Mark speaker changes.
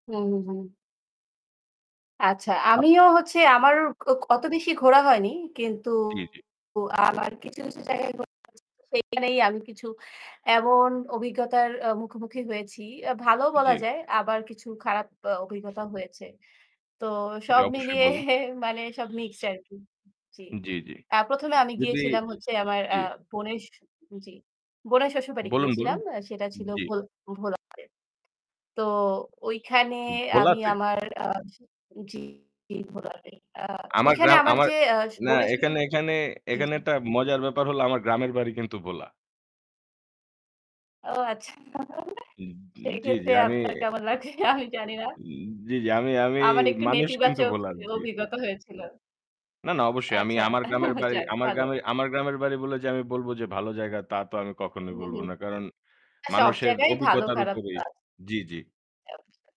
Speaker 1: হুম, হুম। আচ্ছা।
Speaker 2: আ
Speaker 1: আমিও হচ্ছে
Speaker 2: জি।
Speaker 1: আমার অ অ অত বেশি ঘোরা হয়নি। কিন্তু
Speaker 2: জি, জি।
Speaker 1: আমার কিছু, কিছু জায়গায় ঘোরা হয়েছে। সেইখানেই আমি কিছু এমন অভিজ্ঞতার আ মুখোমুখি হয়েছি। অ্যা ভালো বলা
Speaker 2: জি।
Speaker 1: যায়, আবার কিছু খারাপ আ অভিজ্ঞতা হয়েছে। তো
Speaker 2: জি,
Speaker 1: সব
Speaker 2: অবশ্যই
Speaker 1: মিলিয়ে
Speaker 2: বলুন।
Speaker 1: মানে সব মিক্সড আরকি। জি।
Speaker 2: উম জি, জি।
Speaker 1: আ ১ম এ আমি
Speaker 2: যদি এ
Speaker 1: গিয়েছিলাম হচ্ছে আমার আ
Speaker 2: জি।
Speaker 1: বোনের শ জি, বোনের শ্বশুরবাড়ি
Speaker 2: বলুন, বলুন।
Speaker 1: গিয়েছিলাম। আ সেটা ছিল
Speaker 2: জি।
Speaker 1: ভোল ভোলাতে। তো ওইখানে
Speaker 2: উম
Speaker 1: আমি
Speaker 2: ভোলাতে?
Speaker 1: আমার আস জি, ভোলাতে। আ
Speaker 2: আমার
Speaker 1: ওইখানে
Speaker 2: গ্রাম
Speaker 1: আমার
Speaker 2: আমার
Speaker 1: যে আস
Speaker 2: না,
Speaker 1: বোনের
Speaker 2: এখানে
Speaker 1: শ্বশুরবাড়ি
Speaker 2: এখানে
Speaker 1: জি,
Speaker 2: এখানে
Speaker 1: জি।
Speaker 2: একটা মজার ব্যাপার হলো, আমার গ্রামের বাড়ি কিন্তু ভোলা।
Speaker 1: ও, আচ্ছা। [unintelligible]
Speaker 2: উম উম জি, জি,
Speaker 1: সেইক্ষেত্রে
Speaker 2: আমি
Speaker 1: আপনার কেমন লাগবে আমি জানিনা।
Speaker 2: উম জি, জি। আমি আমি
Speaker 1: আমার একটু
Speaker 2: মানুষ কিন্তু
Speaker 1: নেতিবাচক
Speaker 2: ভোলার।
Speaker 1: এ
Speaker 2: জি।
Speaker 1: অভিজ্ঞতা হয়েছিল।
Speaker 2: না, না, অবশ্যই। আমি
Speaker 1: আচ্ছা।
Speaker 2: আমার গ্রামের বাড়ি
Speaker 1: যাক,
Speaker 2: আমার
Speaker 1: ভালো।
Speaker 2: গ্রামে আমার গ্রামের বাড়ি বলে যে আমি বলবো যে ভালো জায়গা, তা তো আমি
Speaker 1: উ
Speaker 2: কখনোই
Speaker 1: হু,
Speaker 2: বলবো
Speaker 1: হু।
Speaker 2: না। কারণ
Speaker 1: আ সব
Speaker 2: মানুষের
Speaker 1: জায়গায় ভালো
Speaker 2: অভিজ্ঞতার
Speaker 1: খারাপ তো
Speaker 2: উপরেই
Speaker 1: আছে।
Speaker 2: জি, জি।
Speaker 1: জি, অবশ্যই।